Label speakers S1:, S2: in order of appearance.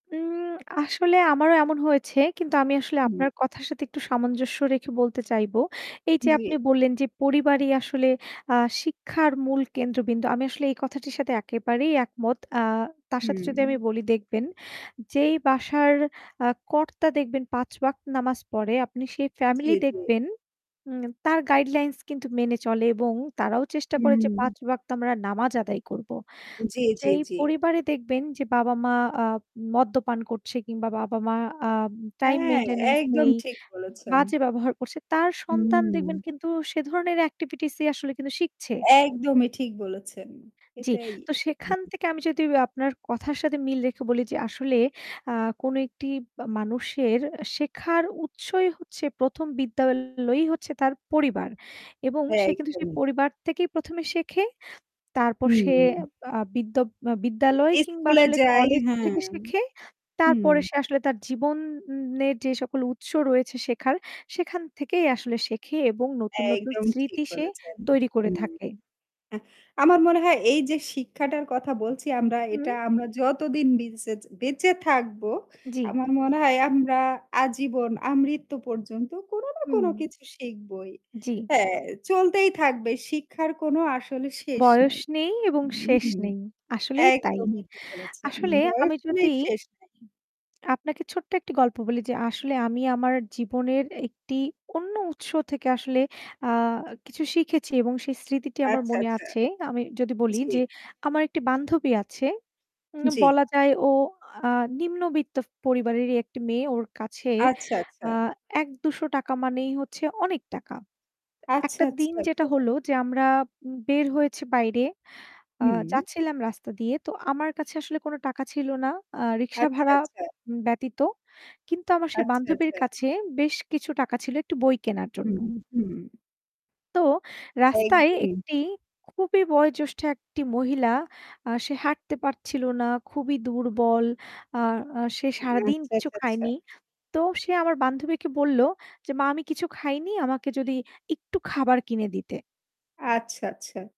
S1: উম আসলে আমারও এমন হয়েছে কিন্তু আমি আসলে আপনার
S2: হম।
S1: কথার সাথে একটু সামঞ্জস্য রেখে বলতে চাইবো। এই যে
S2: জ্বী।
S1: আপনি বললেন যে পরিবারই আসলে আ শিক্ষার মূল কেন্দ্রবিন্দু। আমি আসলে এই কথাটির সাথে একেবারেই একমত। আ তার সাথে যদি আমি
S2: হম।
S1: বলি দেখবেন যেই বাসার আ কর্তা দেখবেন ৫ ওয়াক্ত নামাজ পড়ে আপনি সেই ফ্যামিলি
S2: জ্বী, জ্বী।
S1: দেখবেন। উ তার গাইডলাইনস মেনে চলে এবং তারাও চেষ্টা করে যে
S2: হম।
S1: ৫ ওয়াক্ত আমরা নামাজ আদায় করব।
S2: জ্বী, জ্বী,
S1: যেই
S2: জ্বী।
S1: পরিবারে দেখবেন যে বাবা-মা আ মদ্যপান করছে কিংবা বাবা-মা আ টাইম
S2: হ্যাঁ
S1: মেইনটেন্যান্স
S2: একদম
S1: নেই
S2: ঠিক বলেছেন।
S1: বাজে ব্যবহার করছে তার সন্তান দেখবেন
S2: হম।
S1: কিন্তু সে ধরনের এক্টিভিটিস আসলে কিন্তু শিখছে।
S2: একদমই ঠিক বলেছেন।
S1: জ্বি।
S2: এটাই।
S1: তো সেখান
S2: হুম।
S1: থেকে আমি যদি আপনার কথার সাথে মিল রেখে বলি যে আসলে আ কোনো একটি মানুষের শেখার উৎসই হচ্ছে প্রথম বিদ্যালয়ই হচ্ছে তার পরিবার। এবং
S2: হ্যাঁ,
S1: সে কিন্তু সেই
S2: একদমই।
S1: পরিবার থেকেই প্রথমে শেখে। তারপর সে
S2: হুম।
S1: আ বিদ্য বিদ্যালয় কিংবা
S2: স্কুল এ
S1: আসলে
S2: যাই
S1: কলেজ
S2: হ্যাঁ,
S1: থেকে শেখে।
S2: হুম।
S1: তারপরে সে আসলে তার জীবনের যে সকল উৎস রয়েছে শেখার সেখান থেকেই আসলে শেখে এবং নতুন, নতুন
S2: একদম ঠিক
S1: স্মৃতি সে
S2: বলেছেন।
S1: তৈরি করে
S2: হুম,
S1: থাকে।
S2: আমার মনে হয় এই যে শিক্ষাটার কথা বলছি আমরা এটা
S1: হু।
S2: আমরা যতদিন বিচে বেঁচে থাকবো,
S1: জ্বি।
S2: আমার মনে হয় আমরা আজীবন আমৃত্যু পর্যন্ত কোন না কোন
S1: হম।
S2: কিছু শিখবই।
S1: জ্বি।
S2: হ্যাঁ চলতেই থাকবে শিক্ষার কোনো আসলে শেষ নাই।
S1: বয়স নেই এবং শেষ
S2: হুম,
S1: নেই, আসলেই তাই।
S2: একদমই ঠিক বলেছেন।
S1: আসলে
S2: বয়স
S1: আমি যদি
S2: হলেই শেষ নাই।
S1: আপনাকে ছোট্ট একটা গল্প বলি যে, আসলে আমি আমার জীবনের একটি অন্য উৎস থেকে আসলে আ কিছু শিখেছি এবং সেই স্মৃতিটি আমার
S2: আচ্ছা,
S1: মনে
S2: আচ্ছা।
S1: আছে। আমি যদি বলি
S2: জ্বী।
S1: যে আমার একটি বান্ধবী আছে। উ
S2: জ্বী।
S1: বলা যায় ও নিম্নবিত্ত পরিবারের একটি মেয়ে ওর কাছে
S2: আচ্ছা, আচ্ছা।
S1: আ ১ ৳২০০ মানেই হচ্ছে অনেক টাকা।
S2: আচ্ছা,
S1: একটা
S2: আচ্ছা,
S1: দিন যেটা
S2: আচ্ছা।
S1: হলো যে আমরা বের হয়েছি বাইরে। আ
S2: হু।
S1: যাচ্ছিলাম রাস্তা দিয়ে। তো আমার কাছে আসলে কোনো টাকা ছিল না। আ রিকশা
S2: আচ্ছা,
S1: ভাড়া
S2: আচ্ছা।
S1: ব্যতীত। কিন্তু আমার সেই
S2: আচ্ছা,
S1: বান্ধবীর
S2: আচ্ছা।
S1: কাছে বেশ কিছু টাকা ছিল একটু বই কেনার জন্য।
S2: হম, হম।
S1: তো রাস্তায় ১
S2: একদমই।
S1: টি খুবই বয়োজ্যেষ্ঠ ১ টি মহিলা আ সে হাঁটতে পারছিল না, খুবই দুর্বল। আ সে
S2: আচ্ছা,
S1: সারাদিন কিছু
S2: আচ্ছা, আচ্ছা।
S1: খায়নি। তো সে আমার বান্ধবীকে বলল যে মা আমি কিছু খাইনি আমাকে যদি একটু খাবার কিনে দিতে।
S2: আচ্ছা, আচ্ছা।